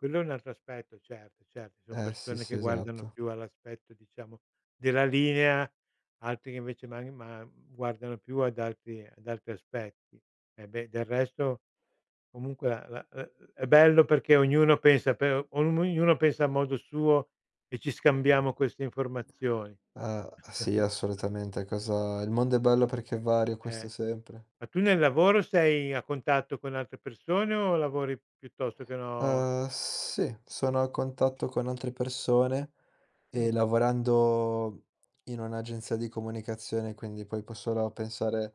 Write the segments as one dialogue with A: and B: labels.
A: Quello è un altro aspetto, certo, cer ci son
B: Eh sì,
A: persone
B: sì,
A: che guardano
B: esatto.
A: più all'aspetto, diciamo della linea, altri che invece man ma uhm, guardano più ad altri ad altri aspetti. E beh, del resto, comunque a la uhm, è è bello perché ognuno pensa per om ognuno pensa a modo suo, e ci scambiamo queste informazioni.
B: Ah, sì assolutamente cosa il mondo è bello perché è vario,
A: Eh.
B: questo sempre.
A: Ma tu nel lavoro sei a contatto con altre persone o lavori piuttosto che no
B: Ehm, sì, sono a contatto con altre persone
A: Mh.
B: e lavorando in un'agenzia di comunicazione, quindi puoi può solo a pensare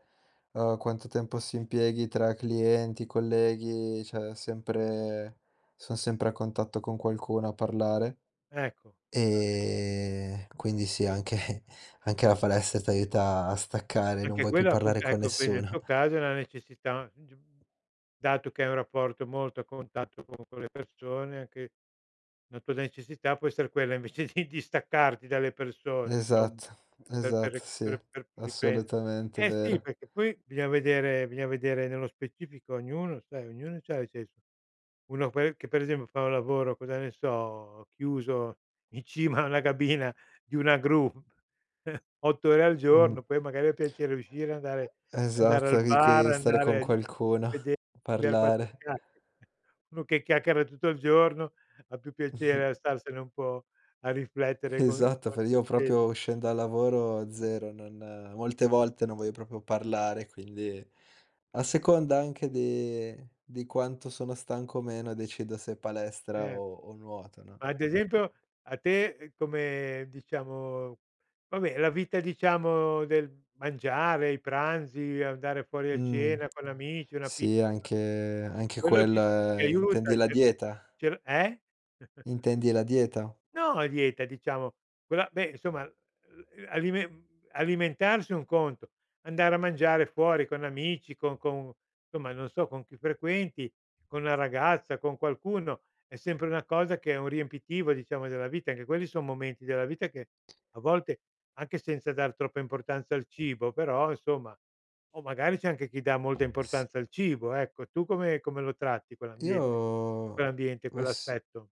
B: a quanto tempo si impieghi tra clienti, colleghi, cioè è sempre son sempre a contatto con qualcuno a parlare.
A: Ecco. [unintelligible]
B: Ehm, quindi sì, anche anche la palestra ti aiuta a staccare, non
A: Anche
B: vuoi più
A: quella è
B: parlare
A: appunt
B: con
A: ecco qui nel
B: nessuno.
A: tuo caso è na necessità, g uhm, dato che hai un rapporto molto a contatto con con le persone, anche la tua necessità può essere quella invece di distaccarti dalle persone, insomma,
B: Esatto,
A: per per
B: esatto,
A: re
B: sì,
A: per per riprende
B: assolutamente,
A: eh sì,
B: vero.
A: perché poi bisogna vedere, bisogna vedere nello specifico ognuno, sai, ognuno c'ha i se so uno poi che per esempio fa un lavoro, cosa ne so, chiuso in cima a una cabina di una gru 8 ore al
B: Mh.
A: giorno, poi magari ha piacere di uscire, andare andare
B: Esatto,
A: al
B: lì
A: bar,
B: che stare
A: andare
B: con
A: a d
B: qualcuno, a
A: vede scambiare 4
B: parlare.
A: chiacchie uno che chiacchiera tutto il giorno ha più piacere a starsene un po' a riflettere co
B: Esatto, fai io
A: [unintelligible]
B: proprio uscen dal lavoro, 0, non molte volte non voglio proprio parlare, quindi a seconda anche de di quanto sono stanco o meno decido se palestra
A: Cer
B: o o nuoto, no?
A: ma ad esempio, a te, ehm, come diciamo vabbè la vita diciamo del mangiare, i pranzi, andare fuori a
B: Mh.
A: cena con amici, una pizza.
B: Sì, anche anche
A: Quello ti ti
B: quella intendi
A: aiuta,
B: la
A: ti
B: dieta?
A: cioè l eh?
B: Intendi la dieta?
A: No a dieta, diciamo. Quella beh insomma, uhm, uhm, alimen alimentarsi è un conto, andare a mangiare fuori con amici, con con insomma non so, con chi frequenti, con la ragazza, con qualcuno, è sempre una cosa che è un riempitivo diciamo della vita. Anche quelli son momenti della vita che a volte, anche senza dar troppa importanza al cibo, però, insomma. O magari c'è anche chi dà molta
B: S
A: importanza al cibo, ecco. Tu come come lo tratti quell'ambiente lì?
B: Io
A: Quell'ambiente,
B: ma s
A: quell'aspetto?